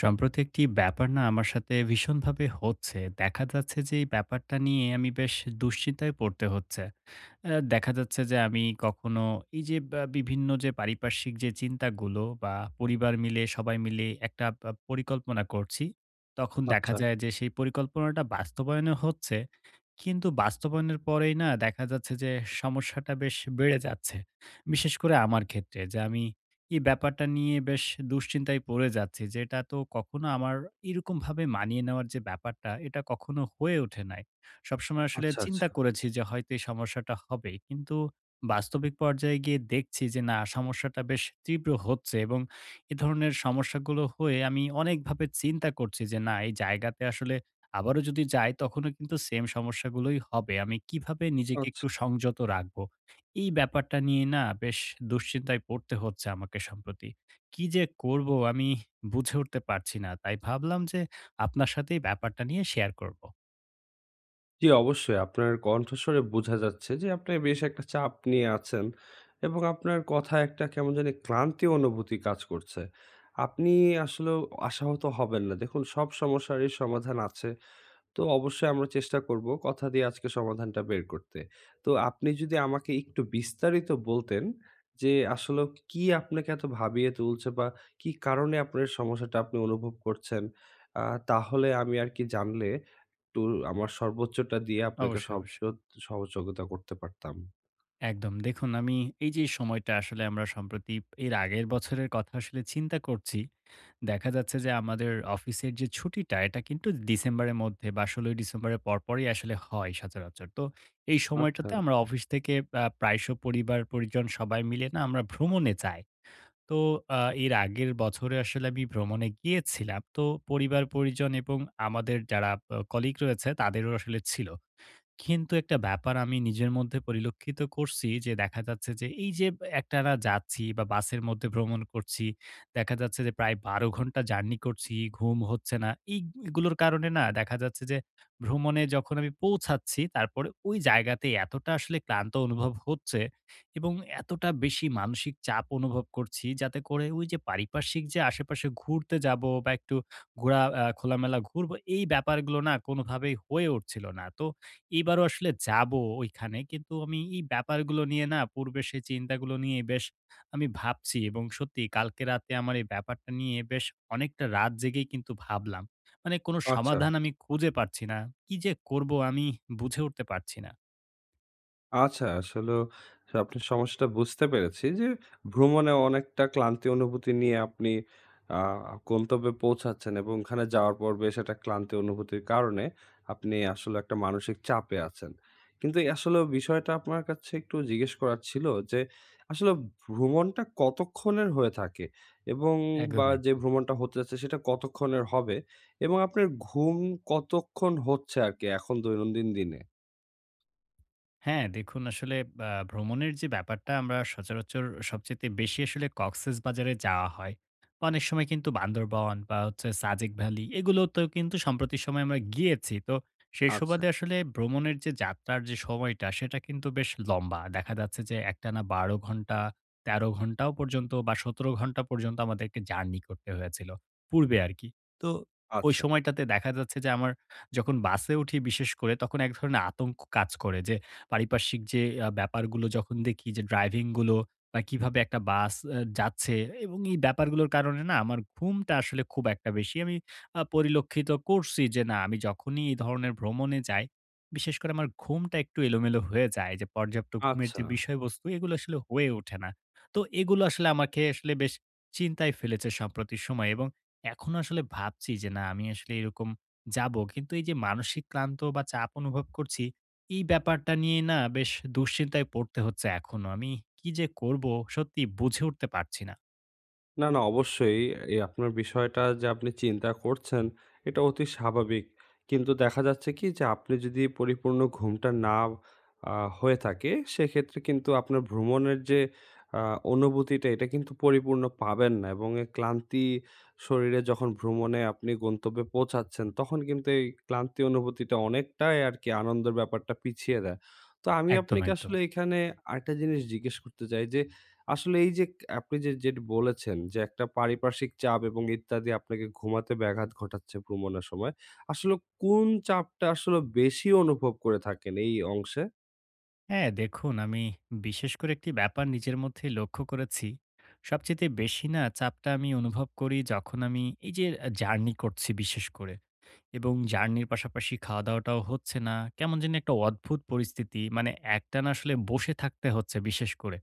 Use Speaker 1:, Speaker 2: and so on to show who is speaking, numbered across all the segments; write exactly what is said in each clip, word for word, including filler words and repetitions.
Speaker 1: সম্প্রতি একটি ব্যাপার না আমার সাথে ভীষণ ভাবে হচ্ছে। দেখা যাচ্ছে যে এই ব্যাপারটা নিয়ে আমি বেশ দুশ্চিন্তায় পড়তে হচ্ছে। অ্যা দেখা যাচ্ছে যে আমি কখনো এই যে বা বিভিন্ন যে পারিপার্শ্বিক যে চিন্তাগুলো বা পরিবার মিলে সবাই মিলে একটা প পরিকল্পনা করছি, তখন দেখা
Speaker 2: আচ্ছা।
Speaker 1: যায় যে, সেই পরিকল্পনাটা বাস্তবায়নও হচ্ছে। কিন্তু বাস্তবায়নের পরেই না দেখা যাচ্ছে যে, সমস্যাটা বেশ বেড়ে যাচ্ছে। বিশেষ করে আমার ক্ষেত্রে, যে আমি এই ব্যাপারটা নিয়ে বেশ দুশ্চিন্তায় পড়ে যাচ্ছি। যে এটা তো কখনো আমার এরকমভাবে মানিয়ে নেওয়ার যে ব্যাপারটা, এটা কখনো হয়ে ওঠে নাই। সবসময় আসলে
Speaker 2: আচ্ছা, আচ্ছা।
Speaker 1: চিন্তা করেছি যে, হয়তো এই সমস্যাটা হবে। কিন্তু বাস্তবিক পর্যায়ে গিয়ে দেখছি যে না সমস্যাটা বেশ তীব্র হচ্ছে এবং এ ধরনের সমস্যাগুলো হয়ে আমি অনেকভাবে চিন্তা করছি যে, না এই জায়গাতে আসলে আবারও যদি যাই তখনও কিন্তু সেম সমস্যাগুলোই হবে। আমি কিভাবে নিজেকে
Speaker 2: আচ্ছা।
Speaker 1: একটু সংযত রাখবো? এই ব্যাপারটা নিয়ে না বেশ দুশ্চিন্তায় পড়তে হচ্ছে আমাকে সম্প্রতি। কি যে করব আমি বুঝে উঠতে পারছি না? তাই ভাবলাম যে আপনার সাথেই ব্যাপারটা নিয়ে শেয়ার করব।
Speaker 2: জী, অবশ্যই। আপনার কণ্ঠশুনে বোঝা যাচ্ছে যে, আপনি বেশ একটা চাপ নিয়ে আছেন। এবং আপনার কথায় একটা কেমন জানি ক্লান্তি অনুভূতি কাজ করছে। আপনি আসলেও আশাহত হবেন না। দেখুন সব সমস্যারই সমাধান আছে। তো অবশ্যই আমরা চেষ্টা করবো, কথা দিয়ে আজকে সমাধানটা বের করতে। তো আপনি যদি আমাকে একটু বিস্তারিত বলতেন যে, আসলেও কি আপনাকে এত ভাবিয়ে তুলছে বা কি কারণে আপনার সমস্যাটা আপনি অনুভব করছেন? আ তাহলে আমি আর কি জানলে, একটু আমার সর্বোচ্চটা দিয়ে আপনাকে
Speaker 1: অবশ্যই,
Speaker 2: সব
Speaker 1: অবশ্যই।
Speaker 2: সোদ সহযোগোতা করতে পারতাম।
Speaker 1: একদম। দেখুন আমি এই যে সময়টা আসলে আমরা সম্প্রতি, এর আগের বছরের কথা আসলে চিন্তা করছি। দেখা যাচ্ছে যে আমাদের অফিসের যে ছুটিটা, এটা কিন্তু ডিসেম্বরের মধ্যে বা ১৬ই ডিসেম্বরের পরপরই আসলে হয় সচরাচর। তো এই সময়টাতে
Speaker 2: আচ্ছা।
Speaker 1: আমরা অফিস থেকে আ প্রায় শ পরিবার-পরিজন সবাই মিলে না আমরা ভ্রমণে যায়। তো আ এর আগের বছরে আসলে আমি ভ্রমণে গিয়েছিলাম। তো পরিবার-পরিজন এবং আমাদের যারা আ কলিগ রয়েছে, তাদেরও আসলে ছিল। কিন্তু একটা ব্যাপার আমি নিজের মধ্যে পরিলক্ষিত করসি যে, দেখা যাচ্ছে যে এই যে ব একটানা যাচ্ছি বা বাসের মধ্যে ভ্রমণ করছি। দেখা যাচ্ছে যে, প্রায় বারো ঘন্টা জার্নি করছি, ঘুম হচ্ছে না। এইগ এগুলোর কারণে না? দেখা যাচ্ছে যে, ভ্রমণে যখন আমি পৌঁছাচ্ছি, তারপরে ওই জায়গাতেই এতটা আসলে ক্লান্ত অনুভব হচ্ছে এবং এতটা বেশি মানসিক চাপ অনুভব করছি, যাতে করে ঐজে পারিপার্শ্বিক যে আশে-পাশে যে ঘুরতে যাবো বা একটু ঘোরা আ খোলামেলা ঘুরবো, এই ব্যাপারগুলো না? কোনভাবেই হয়ে উঠছিল না। তো এবারও আসলে যাবো ওইখানে। কিন্তু আমি এই ব্যাপারগুলো নিয়ে না? পূর্বের সেই চিন্তাগুলো নিয়ে বেশ আমি ভাবছি। এবং সত্যিই কালকে রাতে আমার এই ব্যাপারটা নিয়ে বেশ অনেকটা রাত জেগেই কিন্তু ভাবলাম। মানে কোন
Speaker 2: আচ্ছা।
Speaker 1: সমাধান আমি খুঁজে পারছি না। কি যে করব? আমি বুঝে উঠতে পারছি না।
Speaker 2: আচ্ছা, আসলে আপনি সমস্যাটা বুঝতে পেরেছি যে ভ্রমণে অনেকটা ক্লান্তি অনুভূতি নিয়ে আপনি আ গন্তব্যে পৌঁছাচ্ছেন। এবং ওখানে যাওয়ার পর বেশ একটা ক্লান্তি অনুভূতির কারণে আপনি আসলে একটা মানসিক চাপে আছেন। কিন্তু আসলে বিষয়টা আপনার কাছে একটু জিজ্ঞেস করার ছিল যে, আসলে ভ্রমণটা কতক্ষণের হয়ে থাকে, এবং বা
Speaker 1: একদম,
Speaker 2: যে
Speaker 1: একদম।
Speaker 2: ভ্রমণটা হতে যাচ্ছে সেটা কতক্ষণের হবে? এবং আপনার ঘুম কতক্ষণ হচ্ছে আরকি এখন দৈনন্দিন দিনে?
Speaker 1: হ্যাঁ, দেখুন আসলে আ ভ্রমণের যে ব্যাপারটা, আমরা সচরাচর সবচাইতে বেশি আসলে Cox's Bazar এ যাওয়া হয়। অনেক সময় কিন্তু বান্দরবন বা হচ্ছে সাজেক ভ্যালি, এগুলোতে কিন্তু সম্প্রতি সময়ে আমরা গিয়েছি। তো সেই
Speaker 2: আচ্ছা।
Speaker 1: সুবাদে আসলে ভ্রমণের যাত্রার যে সময়টা, সেটা কিন্তু বেশ লম্বা। দেখা যাচ্ছে যে একটানা বারো ঘন্টা, তেরো ঘন্টাও পর্যন্ত বা সতেরো ঘন্টা পর্যন্ত আমাদেরকে জার্নি করতে হয়েছিল। পূর্বে আরকি। তো ওই
Speaker 2: আচ্ছা।
Speaker 1: সময়টাতে দেখা যাচ্ছে যে, আমার যখন বাসে উঠি, বিশেষ করে তখন এক ধরনের আতঙ্ক কাজ করে। যে পারিপার্শ্বিক যে আ ব্যাপারগুলো যখন দেখি, যে ড্রাইভিং গুলো আ কিভাবে একটা বাস এ যাচ্ছে। এবং এই ব্যাপারগুলোর কারণে না, আমার ঘুমটা আসলে খুব একটা বেশি আমি আ পরিলক্ষিত করছি যে না, আমি যখনই এই ধরনের ভ্রমণে যাই, বিশেষ করে আমার ঘুমটা একটু এলোমেলো হয়ে যায়। যে পর্যাপ্ত ঘুমের যে
Speaker 2: আচ্ছা।
Speaker 1: বিষয়বস্তু, এগুলো আসলে হয়ে ওঠে না। তো এগুলো আসলে আমাকে আসলে বেশ চিন্তায় ফেলেছে সম্প্রতি সময়। এবং এখনো আসলে ভাবছি যে না, আমি আসলে এরকম যাব। কিন্তু এই যে মানসিক ক্লান্ত বা চাপ অনুভব করছি, এই ব্যাপারটা নিয়ে না বেশ দুশ্চিন্তায় পড়তে হচ্ছে এখনো। আমি কি যে করব, সত্যি বুঝে উঠতে পারছি না।
Speaker 2: না, না, অবশ্যই এ এ আপনার বিষয়টা যে, আপনি চিন্তা করছেন, এটা অতি স্বাভাবিক। কিন্তু দেখা যাচ্ছে কি? যে, আপনি যদি পরিপূর্ণ ঘুমটা না অ্যা হয়ে থাকে, সেক্ষেত্রে কিন্তু আপনার ভ্রমণের যে, অ্যা অনুভুতিটা, এটা কিন্তু পরিপূর্ণ পাবেন না। এবং এই ক্লান্তি শরীরে যখন ভ্রমণে আপনি গন্তব্যে পৌঁছাচ্ছেন, তখন কিন্তু এই ক্লান্তি অনুভূতিটা অনেকটাই আরকি আনন্দের ব্যাপারটা পিছিয়ে দেয়। তো আমি
Speaker 1: একদম,
Speaker 2: আপনাকে
Speaker 1: একদম।
Speaker 2: আসলে এখানে আরেকটা জিনিস জিজ্ঞেস করতে চাই, যে আসলে এই যে, ক আপনি যে যেটা বলেছেন, যে একটা পারিপার্শ্বিক চাপ, এবং ইত্যাদি আপনাকে ঘুমাতে ব্যাঘাত ঘটাচ্ছে ভ্রমণের সময়ে। আসলে কোন চাপটা আসলে বেশি অনুভব করে থাকেন এই অংশে?
Speaker 1: হ্যাঁ, দেখুন আমি বিশেষ করে, একটি ব্যাপার নিজের মধ্যে লক্ষ্য করেছি। সবচাইতে বেশি না, চাপটা আমি অনুভব করি, যখন আমি এই যে আ জার্নি করছি বিশেষ করে। এবং জার্নির পাশাপাশি খাওয়া-দাওয়াটাও হচ্ছে না। কেমন যেন একটা অদ্ভুত পরিস্থিতি। মানে একটানা আসলে বসে থাকতে হচ্ছে, বিশেষ করে।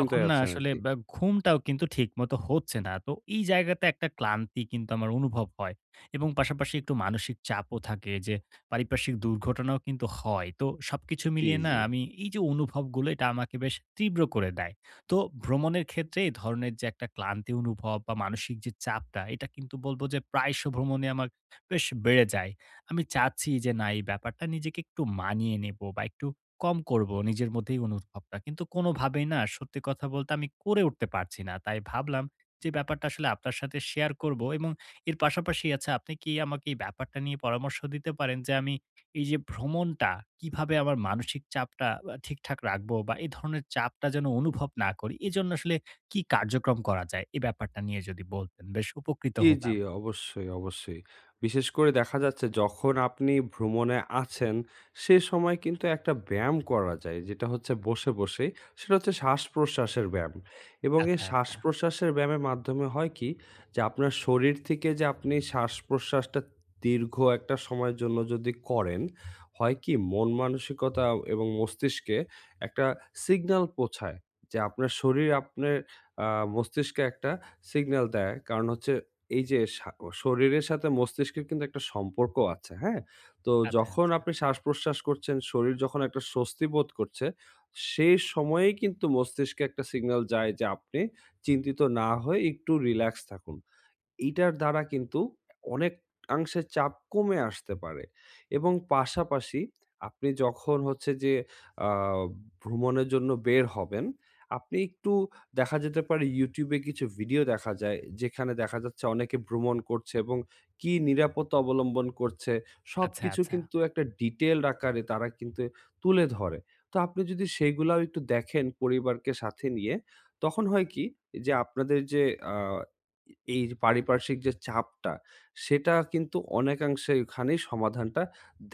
Speaker 1: তখন না
Speaker 2: আছেন
Speaker 1: আসলে
Speaker 2: আরকি।
Speaker 1: বা ঘুমটাও কিন্তু ঠিক মতো হচ্ছে না। তো এই জায়গাতে একটা ক্লান্তি কিন্তু আমার অনুভব হয়। এবং পাশাপাশি একটু মানসিক চাপও থাকে, যে পারিপার্শ্বিক দুর্ঘটনাও কিন্তু হয়। তো সবকিছু
Speaker 2: জ্বি,
Speaker 1: মিলিয়ে না,
Speaker 2: জ্বি।
Speaker 1: আমি এই যে অনুভবগুলো এটা আমাকে বেশ তীব্র করে দেয়। তো ভ্রমণের ক্ষেত্রে এই ধরনের যে একটা ক্লান্তি অনুভব, বা মানসিক যে চাপটা, এটা কিন্তু বলব যে প্রায়শ ভ্রমণে আমার বেশ বেড়ে যায়। আমি চাচ্ছি, যে না এই ব্যাপারটা নিজেকে একটু মানিয়ে নেব, বা একটু কম করব। নিজের মধ্যে এই অনুভবটা। কিন্তু কোনভাবেই না সত্যি কথা বলতে, আমি করে উঠতে পারছি না। তাই ভাবলাম, যে ব্যাপারটা আসলে আপনার সাথে শেয়ার করবো। এবং এর পাশাপাশি আচ্ছা, আপনি কি আমাকে এই ব্যাপারটা নিয়ে পরামর্শ দিতে পারেন? যে আমি, এই যে ভ্রমণটা কিভাবে আমার মানসিক চাপটা আ ঠিকঠাক রাখবো? বা এই ধরণের চাপটা যেন অনুভব না করি। এজন্য আসলে কি কার্যক্রম করা যায়? এই ব্যাপারটা নিয়ে যদি বলতেন, বেশ উপকৃত
Speaker 2: জি, জি।
Speaker 1: হতাম।
Speaker 2: অবশ্যই, অবশ্যই। বিশেষ করে দেখা যাচ্ছে, যখন আপনি ভ্রমণে আছেন, সেই সময় কিন্তু একটা ব্যায়াম করা যায়। যেটা হচ্ছে বসে, বসে সেটা হচ্ছে শ্বাসপ্রশ্বাসের ব্যায়াম। এবং এই
Speaker 1: আচ্ছা, আচ্ছা।
Speaker 2: শ্বাস-প্রশ্বাসের ব্যায়ামের মাধ্যমে হয় কি? যে আপনার শরীর থেকে যে, আপনি শ্বাস-প্রশ্বাসটা দীর্ঘ একটা সময়ের জন্য যদি করেন, হয় কি? মন-মানসিকতা, এবং মস্তিষ্কে একটা সিগনাল পোঁছায় যে, আপনার শরীর আপনের অ্যা মস্তিষ্কে একটা সিগনাল দেয়। কারণ হচ্ছে এই যে, শা ক শরীরের সাথে মস্তিষ্কের কিন্তু একটা সম্পর্ক আছে। হ্যাঁ? তো
Speaker 1: আচ্ছা,
Speaker 2: যখন
Speaker 1: আচ্ছা।
Speaker 2: আপনি শ্বাস-প্রশ্বাস করছেন, শরীর যখন একটা স্বস্তি বোধ করছে, সেই সময়েই কিন্তু মস্তিষ্কে একটা সিগনাল যায় যে, আপনি চিন্তিত না হয়ে একটু রিল্যাক্স থাকুন। এইটার দ্বারা কিন্তু অনেক আংশে চাপ কমে আসতে পারে। এবং পাশাপাশি আপনি যখন হচ্ছে, যে অ্যা ভ্রমণের জন্য বের হবেন, আপনি একটু দেখা যেতে পারে YouTube এ কিছু ভিডিও দেখা যায়, যেখানে দেখা যাচ্ছে, অনেকে ভ্রমণ করছে, এবং কি নিরাপত্তা অবলম্বন করছে,
Speaker 1: আচ্ছা,
Speaker 2: সবকিছু
Speaker 1: আচ্ছা।
Speaker 2: কিন্তু একটা ডিটেইলড আকারে তারা কিন্তু তুলে ধরে। তো আপনি যদি সেইগুলাও একটু দেখেন, পরিবারকে সাথে নিয়ে, তখন হয় কি? যে, আপনাদের যে অ্যা এ এই পারিপার্শ্বিক যে চাপটা, সেটা কিন্তু অনেকাংশে ওখানেই সমাধানটা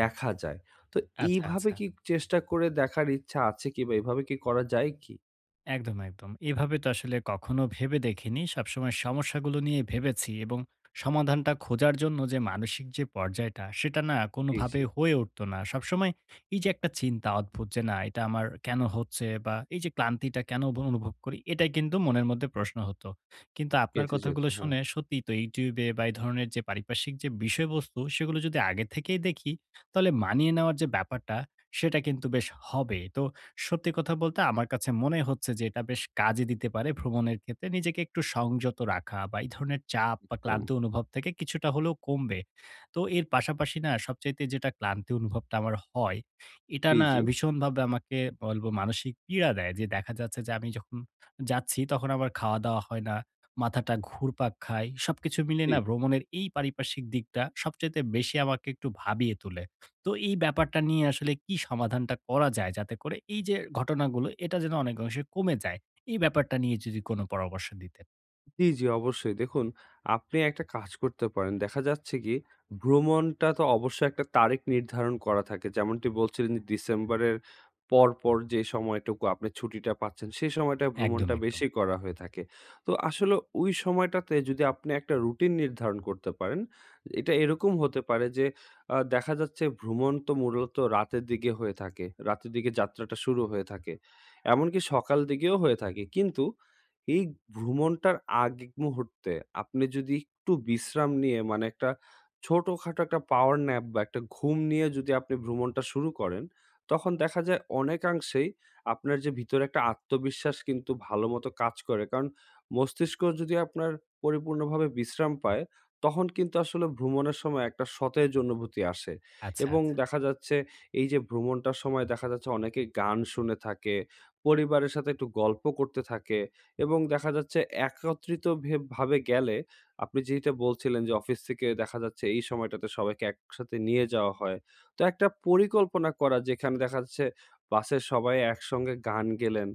Speaker 2: দেখা যায়। তো
Speaker 1: আচ্ছা,
Speaker 2: এইভাবে
Speaker 1: আচ্ছা।
Speaker 2: কি চেষ্টা করে দেখার ইচ্ছা আছে কি? বা এভাবে কি করা যায় কি?
Speaker 1: একদম, একদম। এভাবে তো আসলে কখনো ভেবে দেখিনি। সবসময় সমস্যাগুলো নিয়ে ভেবেছি এবং সমাধানটা খোঁজার জন্য যে মানসিক যে পর্যায়টা, সেটা না
Speaker 2: জি,
Speaker 1: কোনভাবে
Speaker 2: জি।
Speaker 1: হয়ে উঠত না। সবসময় এই যে একটা চিন্তা অদ্ভুত যে না এটা আমার কেন হচ্ছে? বা এই যে ক্লান্তিটা কেন ব অনুভব করি এটাই কিন্তু মনের মধ্যে প্রশ্ন হতো। কিন্তু আপনার
Speaker 2: গেঁথে যেত,
Speaker 1: কথাগুলো
Speaker 2: হ্যাঁ।
Speaker 1: শুনে, সত্যি তো YouTube এ বা এই ধরনের যে পারিপার্শ্বিক বিষয়বস্তু, সেগুলো যদি আগে থেকেই দেখি, তাহলে মানিয়ে নেওয়ার যে ব্যাপারটা সেটা কিন্তু বেশ হবে। তো সত্যি কথা বলতে আমার কাছে মনে হচ্ছে যে এটা বেশ কাজে দিতে পারে ভ্রমণের ক্ষেত্রে নিজেকে একটু সংযত রাখা বা এই ধরণের চাপ বা
Speaker 2: একদম।
Speaker 1: ক্লান্তি অনুভব থেকে কিছুটা হলেও কমবে। তো এর পাশাপাশি না সবচাইতে যেটা ক্লান্তি অনুভবটা আমার হয়, এটা
Speaker 2: জি,
Speaker 1: না
Speaker 2: জি?
Speaker 1: ভীষণভাবে আমাকে বলব মানসিক পীড়া দেয় যে, দেখা যাচ্ছে যে আমি যখন যাচ্ছি তখন আমার খাওয়া-দাওয়া হয় না। মাথাটা ঘুরপাক খায়। সবকিছু মিলে
Speaker 2: জি।
Speaker 1: না ভ্রমণের এই পারিপার্শ্বিক দিকটা সবচাইতে বেশি আমাকে একটু ভাবিয়ে তুলে। তো এই ব্যাপারটা নিয়ে আসলে কি সমাধানটা করা যায়? যাতে করে এই যে, ঘটনাগুলো এটা যেন অনেক অংশে কমে যায়। এই ব্যাপারটা নিয়ে যদি কোন পরামর্শ দিতেন?
Speaker 2: জি, জি, অবশ্যই। দেখুন, আপনি একটা কাজ করতে পারেন। দেখা যাচ্ছে কি, ভ্রমণটা তো অবশ্যই একটা তারেখ নির্ধারণ করা থাকে। যেমনটি বলছিলেন যে ডিসেম্বরের পর, পর যে সময়টুকু আপনি ছুটিটা পাচ্ছেন, সেই সময়টায়
Speaker 1: একদম,
Speaker 2: ভ্রমণটা
Speaker 1: একদম।
Speaker 2: বেশি করা হয়ে থাকে। তো আসলে ওই সময়টাতে যদি আপনি একটা রুটিন নির্ধারণ করতে পারেন, এটা এরকম হতে পারে যে, আ দেখা যাচ্ছে ভ্রমণ তো মূরত রাতের দিগে হয়ে থাকে। রাতের দিগে যাত্রাটা শুরু হয়ে থাকে। এমনকি সকাল দিগেও হয়ে থাকে। কিন্তু এই ভ্রমণটার আগ মুহূর্তে আপনি যদি একটু বিশ্রাম নিয়ে, মানে একটা ছোটখাটো একটা পাওয়ার ন্যাপ বা একটা ঘুম নিয়ে যদি আপনি ভ্রমণটা শুরু করেন, তখন দেখা যায় অনেকাংশেই আপনার যে ভিতরে একটা আত্মবিশ্বাস কিন্তু ভালো মতো কাজ করে। কারণ মস্তিষ্ক যদি আপনার পরিপূর্ণভাবে বিশ্রাম পায়, তখন কিন্তু আসলে ভ্রমণের সময় একটা সতেজ অনুভূতি আসে।
Speaker 1: আচ্ছা,
Speaker 2: এবং
Speaker 1: আচ্ছা।
Speaker 2: দেখা যাচ্ছে এই যে ভ্রমণটার সময়, দেখা যাচ্ছে অনেকেই গান শুনে থাকে, পরিবারের সাথে একটু গল্প করতে থাকে। এবং দেখা যাচ্ছে একত্রিত ভে ভাবে গেলে, আপনি যেইটা বলছিলেন যে অফিস থেকে দেখা যাচ্ছে এই সময়টাতে সবাইকে একসাথে নিয়ে যাওয়া হয়। তো একটা পরিকল্পনা করা, যেখানে দেখা যাচ্ছে বাসের সবাই একসঙ্গে গান গেলেন,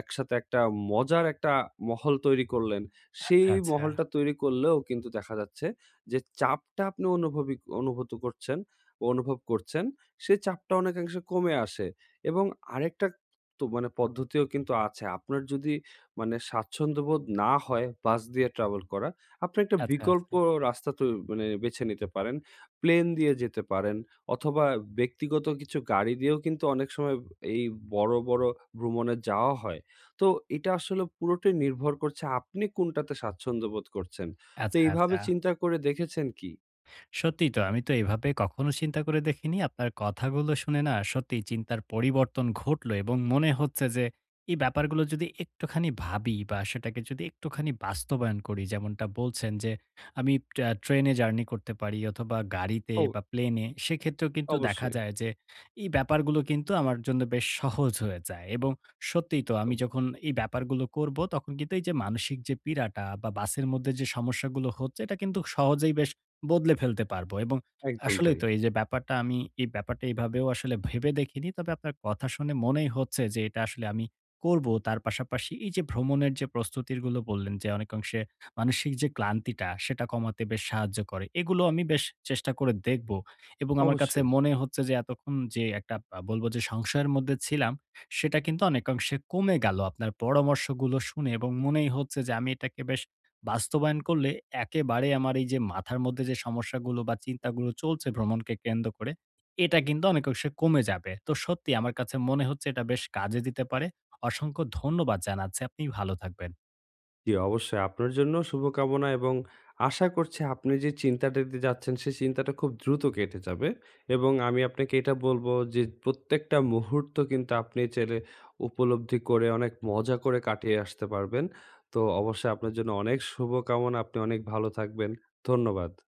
Speaker 2: একসাথে একটা মজার একটা মহল তৈরি করলেন। সেই
Speaker 1: আচ্ছা, আচ্ছা।
Speaker 2: মহলটা তৈরি করলেও কিন্তু দেখা যাচ্ছে যে, চাপটা আপনি অনুভবি অনুভুত করছেন, অনুভব করছেন, সেই চাপটা অনেকাংশে কমে আসে। এবং আরেকটা, তো মানে পদ্ধতিও কিন্তু আছে। আপনার যদি মানে স্বাচ্ছন্দ্যবোধ না হয় বাস দিয়ে ট্রাভল করা, আপনি একটা
Speaker 1: আচ্ছা,
Speaker 2: বিকল্প
Speaker 1: আচ্ছা।
Speaker 2: রাস্তা তো মানে বেছে নিতে পারেন। প্লেন দিয়ে যেতে পারেন অথবা ব্যক্তিগত কিছু গাড়ি দিয়েও কিন্তু অনেক সময় এই বড়ো, বড়ো ভ্রমণে যাওয়া হয়। তো এটা আসলে পুরোটাই নির্ভর করছে আপনি কোনটাতে স্বাচ্ছন্দ্য বোধ করছেন। তো
Speaker 1: আচ্ছা,
Speaker 2: এইভাবে
Speaker 1: আচ্ছা।
Speaker 2: চিন্তা করে দেখেছেন কি?
Speaker 1: সত্যিই তো, আমি তো এভাবে কখনো চিন্তা করে দেখিনি। আপনার কথাগুলো শুনে না, সত্যিই চিন্তার পরিবর্তন ঘটলো। এবং মনে হচ্ছে যে, এই ব্যাপারগুলো যদি একটুখানি ভাবি, বা সেটাকে একটুখানি বাস্তবায়ন করি, যেমনটা বলছেন, যে আমি প আ ট্রেনে জার্নি করতে পারি, অথবা গাড়িতে,
Speaker 2: ও!
Speaker 1: বা প্লেনে সেক্ষেত্রেও কিন্তু দেখা
Speaker 2: অবশ্যই।
Speaker 1: যায় যে এই ব্যাপারগুলো কিন্তু আমার জন্য বেশ সহজ হয়ে যায়। এবং সত্যিই তো আমি
Speaker 2: একদম।
Speaker 1: যখন এই ব্যাপারগুলো করব, তখন কিন্তু এই যে মানসিক যে পীড়াটা, বা বাসের মধ্যে যে সমস্যাগুলো হচ্ছে, এটা কিন্তু সহজেই বেশ বদলে ফেলতে পারব। এবং
Speaker 2: একদম
Speaker 1: আসলেই
Speaker 2: তাই।
Speaker 1: তো, এই যে ব্যাপারটা আমি, এই ব্যাপারটা এইভাবেও আসলে ভেবে দেখিনি। তবে আপনার কথা শুনে মনেই হচ্ছে, যে এটা আসলে আমি করব। তার পাশাপাশি এই যে ভ্রমণের যে প্রস্তুতিরগুলো বললেন, যে অনেকাংশে মানসিক যে ক্লান্তিটা সেটা কমাতে বেশ সাহায্য করে। এগুলো আমি বেশ চেষ্টা করে দেখব। এবং আমার কাছে
Speaker 2: অবশ্যই।
Speaker 1: মনেই হচ্ছে যে, এতক্ষণ যে একটা বা বলবো যে সংশয়ের মধ্যে ছিলাম। সেটা কিন্তু অনেকাংশে কমে গেল। আপনার পরামর্শগুলো শুনে এবং মনেই হচ্ছে যে আমি এটাকে বেশ বাস্তবায়ন করলে, একেবারে আমার এই যে মাথার মধ্যে যে সমস্যাগুলো, বা চিন্তাগুলো চলছে ভ্রমণকে কেন্দ্র করে। এটা কিন্তু অনেকংশে কমে যাবে। তো সত্যি আমার কাছে মনে হচ্ছে এটা বেশ কাজে দিতে পারে। অসংখ্য ধন্যবাদ জানাচ্ছি। আপনি ভালো থাকবেন।
Speaker 2: জি, অবশ্যই। আপনার জন্যও শুভকামনা এবং আশা করছি আপনি যে চিন্তাটা দিয়ে যাচ্ছেন সেই চিন্তাটা খুব দ্রুত কেটে যাবে। এবং আমি আপনাকে এটা বলবো, যে প্রত্যেকটা মুহূর্ত কিন্তু আপনি চাইলে উপলব্ধি করে, অনেক মজা করে কাটিয়ে আসতে পারবেন। তো অবশ্যই আপনার জন্য অনেক শুভকামনা, আপনি অনেক ভালো থাকবেন। ধন্যবাদ।